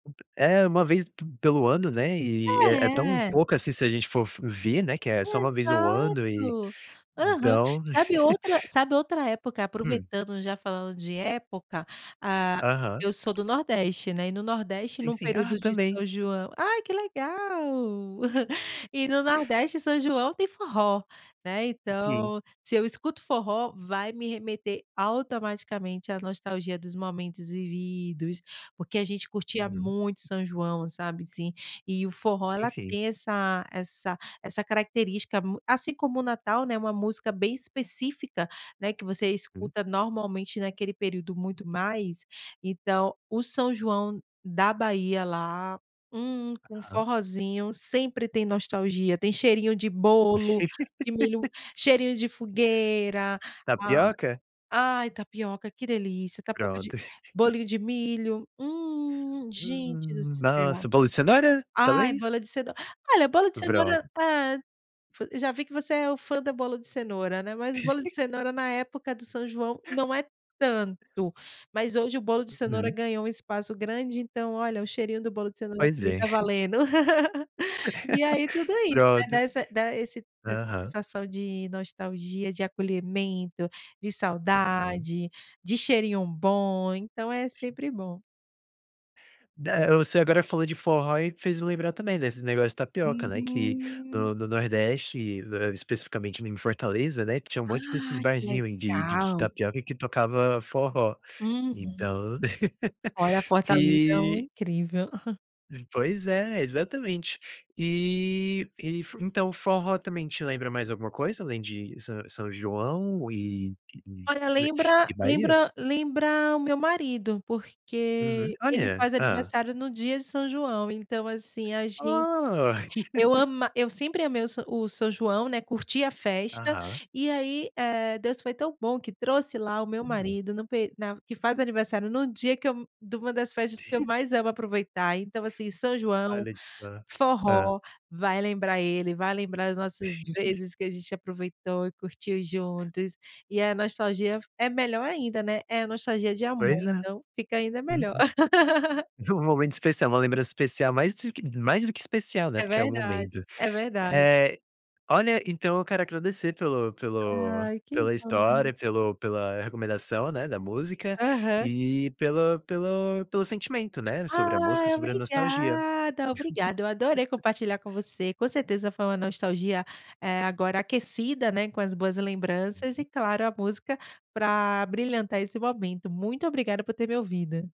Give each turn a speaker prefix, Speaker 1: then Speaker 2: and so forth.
Speaker 1: É, uma vez p pelo ano, né? E é tão
Speaker 2: É.
Speaker 1: pouco. Assim, se a gente for f ver, né, que é só uma vez ao ano e,
Speaker 2: Exato. Aham.
Speaker 1: então
Speaker 2: Sabe outra sabe outra época?
Speaker 1: Hum.
Speaker 2: Aproveitando, já falando de época, ah,
Speaker 1: Aham.
Speaker 2: eu sou do nordeste, né, e no nordeste,
Speaker 1: Sim,
Speaker 2: num
Speaker 1: sim. Ah,
Speaker 2: período de
Speaker 1: também.
Speaker 2: São João Ai, que legal. E no nordeste, São João tem forró, né,
Speaker 1: Sim.
Speaker 2: então, se eu escuto forró, vai me remeter automaticamente à nostalgia dos momentos vividos, porque a gente curtia
Speaker 1: Uhum.
Speaker 2: muito São João, sabe assim, e o forró
Speaker 1: Sim,
Speaker 2: ela
Speaker 1: sim.
Speaker 2: tem essa essa essa característica mu assim como o Natal, né, uma música bem específica, né, que você
Speaker 1: Hum.
Speaker 2: escuta normalmente naquele período muito mais. Então, o São João da Bahia, lá, hum, com
Speaker 1: Aham.
Speaker 2: forrózinho, sempre tem nostalgia, tem cheirinho de bolo, de milho, cheirinho de fogueira. ah
Speaker 1: Tapioca?
Speaker 2: ai, tapioca, que delícia. Tapioca de
Speaker 1: Pronto.
Speaker 2: bolinho de milho, hum, gente do
Speaker 1: Hum.
Speaker 2: céu.
Speaker 1: Nossa. Bolo de cenoura,
Speaker 2: Ai,
Speaker 1: talvez?
Speaker 2: bola de cenoura! Olha, a bolo de cenoura, a
Speaker 1: Pronto.
Speaker 2: pa fu já vi que você é o fã da bola de cenoura, né? Mas o bolo de cenoura, na época do São João, não é tanto, mas hoje o bolo de cenoura
Speaker 1: Uhum.
Speaker 2: ganhou um espaço grande, então olha, o cheirinho do bolo de cenoura
Speaker 1: Pois
Speaker 2: também
Speaker 1: é.
Speaker 2: tá valendo. E aí, tudo isso,
Speaker 1: Pronto.
Speaker 2: dá essa dá esse da essa
Speaker 1: Aham.
Speaker 2: sensação de nostalgia, de acolhimento, de
Speaker 1: Uhum.
Speaker 2: saudade, de cheirinho bom. Então, é sempre bom.
Speaker 1: Da você agora falou de forró e fez eu lembrar também desse negócio de tapioca, né? Que
Speaker 2: Uhum!
Speaker 1: no no nordeste, especificamente em Fortaleza, né, tinha um monte desses
Speaker 2: Ah, que
Speaker 1: barzinho ai, de de
Speaker 2: legal!
Speaker 1: tapioca que tocava forró,
Speaker 2: Uhum.
Speaker 1: então.
Speaker 2: Olha, a fortaleza é um
Speaker 1: Eh
Speaker 2: incrível.
Speaker 1: Pois é, exatamente. Eh, e fu então, o forró também te lembra mais alguma coisa além de São São João e d
Speaker 2: Olha,
Speaker 1: d
Speaker 2: lembra
Speaker 1: e Bahia?
Speaker 2: lembra lembra o meu marido,
Speaker 1: Uhum.
Speaker 2: porque ele
Speaker 1: Olha,
Speaker 2: faz
Speaker 1: Hã.
Speaker 2: aniversário no dia de São João. Então assim, a gente
Speaker 1: Oh!
Speaker 2: eu ama eu sempre amei o sa o São João, né, curti a festa,
Speaker 1: Aham.
Speaker 2: e aí, eh, Deus foi tão bom que trouxe lá o meu
Speaker 1: Hum.
Speaker 2: marido no peri na que faz aniversário no dia que eu de uma das festas que eu mais amo aproveitar. Então assim: São João,
Speaker 1: Olha só. Hã.
Speaker 2: forró, vai lembrar ele! Vai lembrar as nossas vezes que a gente aproveitou e curtiu juntos, e a nostalgia f é melhor ainda, né? É a nostalgia de amor,
Speaker 1: Pois é.
Speaker 2: então fica ainda
Speaker 1: Uhum.
Speaker 2: melhor.
Speaker 1: Um momento especial, uma lembrança especial, mais do que mais do que especial, né,
Speaker 2: É
Speaker 1: porque é o
Speaker 2: verdade,
Speaker 1: momento.
Speaker 2: é verdade.
Speaker 1: Eh, olha, então eu quero agradecer pelo pelo
Speaker 2: Ai, que
Speaker 1: pela
Speaker 2: bom!
Speaker 1: história, pelo pela recomendação, né, da música
Speaker 2: Aham.
Speaker 1: e, pela pelo pelo sentimento, né, sobre a música,
Speaker 2: Ai
Speaker 1: sobre a nostalgia.
Speaker 2: obrigada, obrigada. Eu adorei compartilhar com você. Com certeza foi uma nostalgia, eh, agora aquecida, né, com as boas lembranças e
Speaker 1: [unintelligible]
Speaker 2: claro, a música pra abrilhantar esse momento. Muito obrigada por ter me ouvido.